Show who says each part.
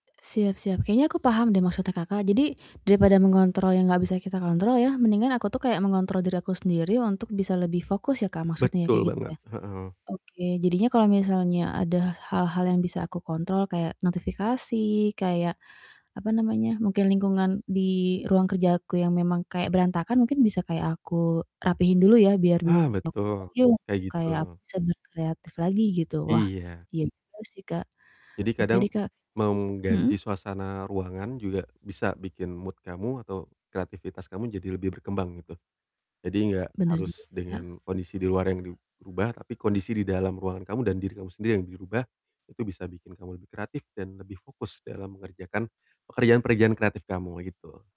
Speaker 1: E siap siap. Kayaknya aku paham deh maksudnya Kakak. Jadi, daripada mengontrol yang enggak bisa kita kontrol ya mendingan aku tuh kayak mengontrol diri aku sendiri untuk bisa lebih fokus ya, Kak, maksudnya
Speaker 2: Betul
Speaker 1: kayak gitu
Speaker 2: banget,
Speaker 1: ya?
Speaker 2: heeh.
Speaker 1: Oke. Jadinya kalau misalnya ada hal-hal yang bisa aku kontrol kayak notifikasi, kayak, apa namanya, mungkin lingkungan di ruang kerja aku yang memang kayak berantakan, mungkin bisa kayak aku rapihin dulu ya biar
Speaker 2: Ah,
Speaker 1: besok
Speaker 2: betul kayak gitu.
Speaker 1: kayak aku bisa berkreatif lagi gitu, Wah,
Speaker 2: Iya.
Speaker 1: iya juga sih Kak.
Speaker 2: Jadi
Speaker 1: Oke
Speaker 2: kadang
Speaker 1: deh, Kak.
Speaker 2: mau
Speaker 1: Mhm?
Speaker 2: mengganti suasana ruangan juga bisa bikin mood kamu atau kreativitas kamu jadi lebih berkembang gitu. Jadi enggak
Speaker 1: Benar juga
Speaker 2: harus
Speaker 1: sih, Kak.
Speaker 2: dengan kondisi di luar yang dirubah, tapi kondisi di dalam ruangan kamu dan diri kamu sendiri yang dirubah. Itu bisa bikin kamu lebih kreatif dan lebih fokus dalam mengerjakan pekerjaan-pekerjaan kreatif kamu gitu.